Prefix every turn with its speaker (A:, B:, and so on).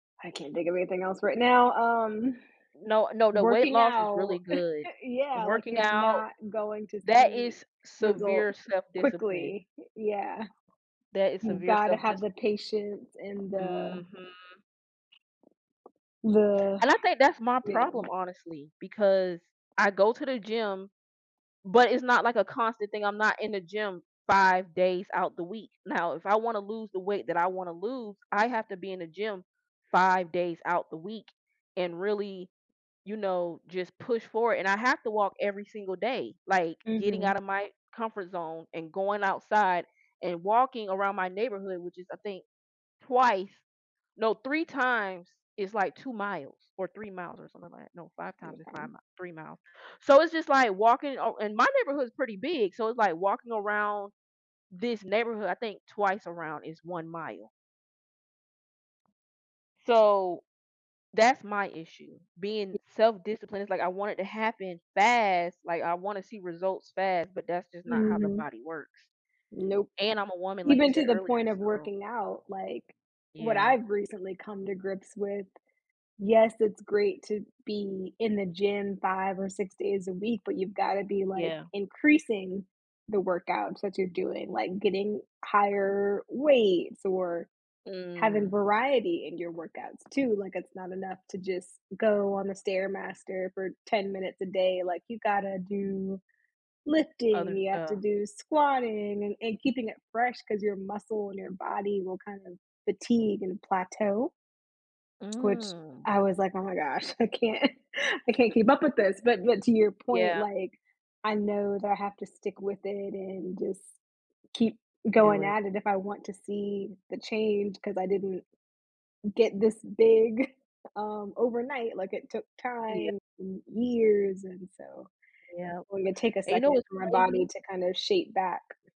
A: I can't think of anything else right now. Um,
B: No no no weight
A: working
B: loss is
A: out,
B: really good.
A: yeah, like
B: Working
A: you're
B: out,
A: not going to
B: that
A: see
B: is
A: results
B: severe self-discipline.
A: quickly. Yeah.
B: That is
A: You've
B: severe
A: gotta have the
B: self-discipline.
A: patience and the
B: Mhm.
A: the
B: And I think that's my
A: yeah.
B: problem, honestly, because I go to the gym, but it's not like a constant thing, I'm not in the gym 5 days out the week. Now, if I wanna lose the weight that I wanna lose, I have to be in the gym 5 days out the week and really, you know, just push for it. And I have to walk every single day, like getting
A: Mhm.
B: out of my comfort zone and going outside and walking around my neighborhood, which is, I think, twice no, 3 times is like 2 miles or 3 miles or something like that no,
A: M
B: 5 times is 5
A: yeah.
B: mi 3 miles. So it's just like walking oh, and my neighborhood is pretty big, so it's like walking around this neighborhood, I think twice around is 1 mile. So, that's my issue.
A: Y
B: Being self-disciplined, it's like I want it to happen fast, like I wanna see results fast, but that's just not how the
A: Mhm.
B: body works.
A: Nope.
B: And I'm a woman, like you
A: Even
B: said
A: to the
B: earlier,
A: point of
B: so
A: working out, like what
B: Yeah.
A: I've recently come to grips with, yes, it's great to be in the gym 5 or 6 days a week, but you've gotta be like
B: Yeah.
A: increasing the workouts that you're doing, like getting higher weights or having
B: Mm.
A: variety in your workouts too. Like it's not enough to just go on the Stairmaster for 10 minutes a day. Like you gotta do lifting,
B: Other
A: you have to
B: stuff.
A: do squatting and and keeping it fresh 'cause your muscle in your body will kind of fatigue and plateau which
B: Mm.
A: I was like, oh my gosh, I can't I can't keep up with this. But but to your point,
B: Yeah.
A: like, I know that I have to stick with it and just keep
B: Do
A: going
B: it.
A: at it if I want to see the change 'cause I didn't get this big, um, overnight like it took
B: Yeah.
A: time and years, and so it's
B: Yeah.
A: going to take a
B: And you know
A: second
B: what's
A: for my body
B: crazy?
A: to kind of shape back.